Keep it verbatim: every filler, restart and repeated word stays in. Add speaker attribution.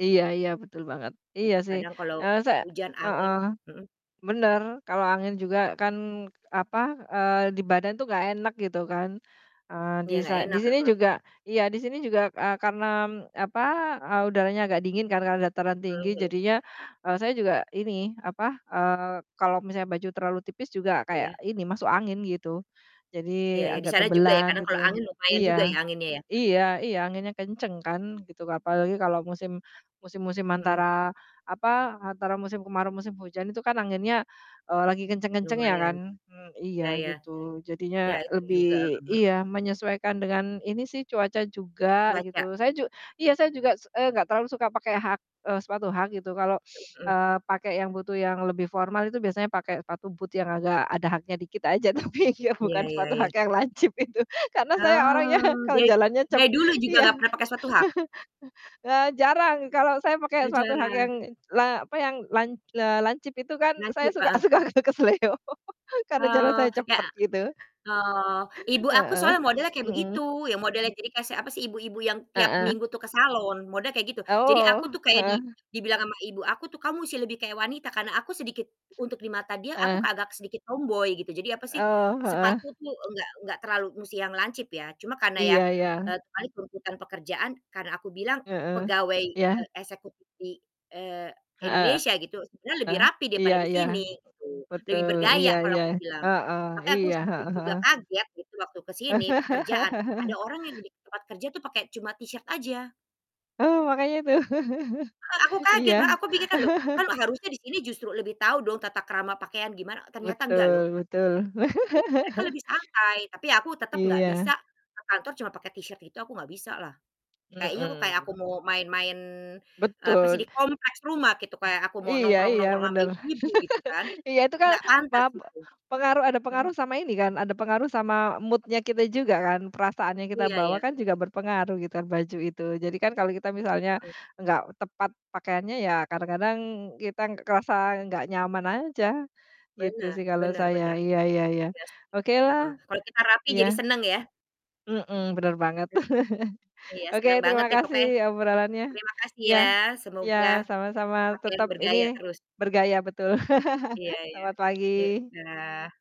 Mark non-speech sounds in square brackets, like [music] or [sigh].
Speaker 1: Iya iya betul banget. Iya
Speaker 2: Itu
Speaker 1: sih,
Speaker 2: kadang kalau
Speaker 1: eee, sa
Speaker 2: hujan angin
Speaker 1: heeh,
Speaker 2: mhm.
Speaker 1: bener. Kalau angin juga kan apa, eee, di badan tuh gak enak gitu kan. Eee,
Speaker 2: Ya gak
Speaker 1: disae di
Speaker 2: enak,
Speaker 1: sini
Speaker 2: heeh.
Speaker 1: juga iya di sini juga, eee, karnam apa, eee, udaranya agak dingin karena dataran tinggi
Speaker 2: Mhm mhm.
Speaker 1: jadinya, eee, saya juga ini apa, eee, kalau misalnya baju terlalu tipis juga kayak
Speaker 2: Iya.
Speaker 1: ini masuk angin gitu,
Speaker 2: Iya
Speaker 1: jadi
Speaker 2: iya, di
Speaker 1: agak
Speaker 2: sana juga ya,
Speaker 1: tebelan
Speaker 2: karena
Speaker 1: gitu.
Speaker 2: kalau angin lumayan
Speaker 1: Iya,
Speaker 2: juga ya anginnya ya.
Speaker 1: iya iya anginnya kenceng kan gitu. Apalagi kalau musim musim-musim
Speaker 2: Mhm.
Speaker 1: antara apa, antara musim kemarau, musim hujan itu kan anginnya, eee, lagi kenceng-kencengnya
Speaker 2: Lumayan.
Speaker 1: kan. Mmm,
Speaker 2: Iya
Speaker 1: iya
Speaker 2: ya.
Speaker 1: gitu, jadinya
Speaker 2: Ya itu
Speaker 1: lebih
Speaker 2: juga. Heeh heeh.
Speaker 1: iya menyesuaikan dengan ini sih cuaca juga gitu.
Speaker 2: Cuaca.
Speaker 1: Saya ju iya, saya juga, s eee, gak terlalu suka pakai hak, eee, sepatu hak gitu kalau, [sniffs]
Speaker 2: Mhm.
Speaker 1: eee, pakai yang butuh yang lebih formal itu biasanya pakai sepatu boot yang agak ada haknya dikit aja. Tapi iya
Speaker 2: Iya
Speaker 1: bukan
Speaker 2: iya
Speaker 1: suatu hak
Speaker 2: iya.
Speaker 1: yang lancip itu. Karena saya orangnya
Speaker 2: Oh
Speaker 1: kalau
Speaker 2: de
Speaker 1: jalannya cep
Speaker 2: dari dulu juga
Speaker 1: iya.
Speaker 2: gak
Speaker 1: [chuckles]
Speaker 2: pernah pakai sepatu hak?
Speaker 1: Eee, jarang kalau saya pakai
Speaker 2: Oh,
Speaker 1: suatu hak yang
Speaker 2: jarang.
Speaker 1: la apa yang lan eee, lancip itu kan saya
Speaker 2: Lancip,
Speaker 1: suka
Speaker 2: heeh.
Speaker 1: suka keselo. [laughs] Karena jalan
Speaker 2: Oh,
Speaker 1: saya
Speaker 2: yak
Speaker 1: cepet gitu.
Speaker 2: oh, ibu aku
Speaker 1: Heeh,
Speaker 2: soalnya modelnya
Speaker 1: [sniffs]
Speaker 2: kayak begitu,
Speaker 1: mhm.
Speaker 2: ya modelnya gini kasek apa, sih ibu-ibu yang tiap
Speaker 1: Heeh.
Speaker 2: minggu tuh ke salon, model kayak gitu. Jadi aku
Speaker 1: Oh,
Speaker 2: tuh kayak di
Speaker 1: heeh.
Speaker 2: dibilang sama ibu aku tuh, "Kamu musti lebih kayak wanita," karna aku sedikit untuk di mata dia aku
Speaker 1: Heeh.
Speaker 2: agak sedikit tomboy gitu. Jadi apa sih,
Speaker 1: Oh, heeh.
Speaker 2: sepatu tuh nggak nggak terlalu musti yang lancip ya, cuma karena ya,
Speaker 1: Iya iya.
Speaker 2: eee, terkait tuntutan pekerjaan karena aku bilang
Speaker 1: Heeh,
Speaker 2: pegawai,
Speaker 1: iya.
Speaker 2: eee, eksekutif di, eee,
Speaker 1: Heeh,
Speaker 2: Indonesia gitu sebenernya lebih
Speaker 1: eh,
Speaker 2: rapih
Speaker 1: iya
Speaker 2: daripada di
Speaker 1: iya.
Speaker 2: sini, gitu. Lebih
Speaker 1: Betul, iya
Speaker 2: bergaya kalau
Speaker 1: iya.
Speaker 2: aku bilang,
Speaker 1: Heeh,
Speaker 2: tapi aku
Speaker 1: iya.
Speaker 2: sedikit
Speaker 1: Heeh
Speaker 2: juga
Speaker 1: heeh.
Speaker 2: kaget gitu waktu ke sini pekerjaan, ada
Speaker 1: [laughs]
Speaker 2: orang yang di tempat kerja tuh pakai cuma t-shirt aja.
Speaker 1: Oh, makanya itu. [chuckles]
Speaker 2: Heeh, aku
Speaker 1: Iya.
Speaker 2: kaget, lah aku pikir kan, "Loh
Speaker 1: [chuckles]
Speaker 2: kan harusnya di sini justru lebih tahu dong tata krama pakaian gimana," ternyata nggak loh.
Speaker 1: Betul betul.
Speaker 2: Gitu, mereka
Speaker 1: [chuckles]
Speaker 2: lebih santai tapi, aku tetep gak
Speaker 1: Iya.
Speaker 2: bisa ke kantor cuma pake t-shirt itu aku gak bisalah. Kayaknya kok kayak aku
Speaker 1: Mhm.
Speaker 2: mau main-main, eee, apa sih
Speaker 1: Betul s
Speaker 2: di kompleks rumah gitu, kayak aku mau
Speaker 1: iya iya
Speaker 2: nongkrong-nongkrong sama
Speaker 1: bener.
Speaker 2: ibu-ibu gitu kan,
Speaker 1: [laughs] Iya itu kan
Speaker 2: gak pantas
Speaker 1: pap e
Speaker 2: gitu.
Speaker 1: pengaruh ada
Speaker 2: Mhm.
Speaker 1: pengaruh sama ini kan, ada pengaruh sama mood-nya kita juga kan. Perasaan yang kita
Speaker 2: Iya
Speaker 1: bawa
Speaker 2: ya.
Speaker 1: kan juga berpengaruh gitu baju itu. Jadi kan kalau kita misalnya
Speaker 2: Mhm.
Speaker 1: gak tepat pakaiannya, ya kadang-kadang kita kerasa gak nyaman aja gitu
Speaker 2: Benar,
Speaker 1: sih kalau
Speaker 2: benar
Speaker 1: saya.
Speaker 2: benar,
Speaker 1: Iya iya iya,
Speaker 2: iya sih,
Speaker 1: okelah
Speaker 2: heeh. Kalau kita rapih jadi
Speaker 1: iya.
Speaker 2: seneng ya.
Speaker 1: Mhm, bener banget.
Speaker 2: Mhm.
Speaker 1: [chuckles]
Speaker 2: Iya
Speaker 1: Oke
Speaker 2: seneng banget
Speaker 1: terima
Speaker 2: deh
Speaker 1: kasih
Speaker 2: pokoknya.
Speaker 1: obrolannya.
Speaker 2: Terima kasih
Speaker 1: Iya,
Speaker 2: ya
Speaker 1: iya
Speaker 2: semoga
Speaker 1: sama-sama
Speaker 2: pakaian
Speaker 1: tetep ini
Speaker 2: bergaya terus.
Speaker 1: bergaya betul.
Speaker 2: Iya
Speaker 1: [laughs]
Speaker 2: iya.
Speaker 1: Selamat
Speaker 2: Yuk,
Speaker 1: pagi.
Speaker 2: dah.